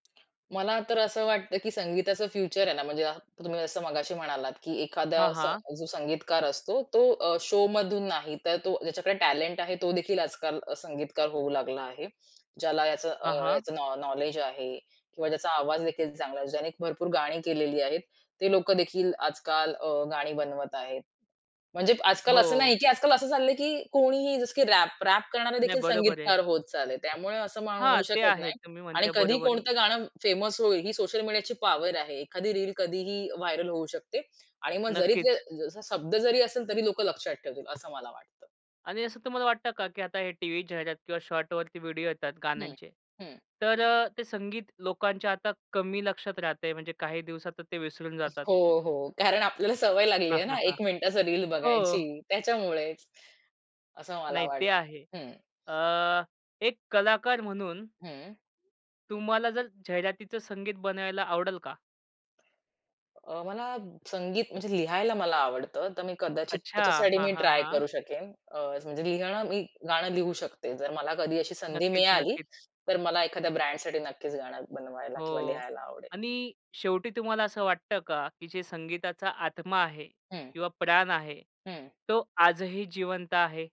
मला तर असं वाटतं, की संगीताचं फ्युचर आहे ना, म्हणजे तुम्ही जसं मगाशी म्हणालात, की एखादा हां, असा हां. जो संगीतकार असतो, तो अ, शोमधून नाही तर तो ज्याच्याकडे टॅलेंट आहे तोदेखील आजकाल अ, संगीतकार होऊ लागला आहे. ज्याला याच अ, हां, हां. याचं नॉ नॉलेज आहे किंवा ज्याचा आवाजदेखील चांगला आहे, ज्याने भरपूर गाणी केलेली आहेत. ते लोकंदेखील आजकाल अ, गाणी बनवत आहेत. म्हणजे आजकाल असं नाही हो. की आजकाल असं चाललंय की कोणीही जसं की रॅप रॅप नाही, करणारेदेखील बरोबर आहे. संगीतकार होत चालले. त्यामुळे असं हां, म्हणू ते शकत आहे. नाही तुम्ही आणि म्हणताय कधी बरोबर आहे. कोणतं गाणं फेमस होईल ही सोशल मीडियाची पॉवर आहे. एखादी रील कधीही व्हायरल होऊ शकते आणि मग जरी जे नक्कीच. जसा शब्द जरी असेल, तरी लोकं लक्षात ठेवतील असं मला वाटतं. आणि असं तुम्हाला वाटतं का, की आता हे टीव्ही जाहिरात किंवा शॉर्टवरती व्हिडिओ येतात हं, गाण्यांचे, हं. तर अ, ते संगीत लोकांच्या आता कमी लक्षात राहतंय म्हणजे काही दिवसात ते विसरून जातात? हो, हो कारण आपल्याला सवय हां, लागलीये न, हां, हां. 1 मिनिटाचं रील हो. बघायची त्याच्यामुळेच. असं मला नाही ते वाटतं. आहे. हं. अ, एक कलाकार म्हणून हं. तुम्हाला जर जाहिरातीचं संगीत बनवायला आवडेल का? अ, मला संगीत म्हणजे लिहायला मला आवडतं. तर मी कदाचित अच्छा. त्याच्यासाठी हां, मी हां, ट्राय हां. करू शकेन. अ, म्हणजे लिहणं मी गाणं लिहू शकते. जर मला कधी अशी संधी नक्कीच, मिळाली, नक्कीच. तर मला एखाद्या ब्रँडसाठी नक्कीच गाणं बनवायला किंवा हो लिहायला आवडेल. आणि शेवटी तुम्हाला असं वाटतं का, की जे संगीताचा आत्मा आहे हं. किंवा प्राण आहे हं. तो आजही जिवंत आहे?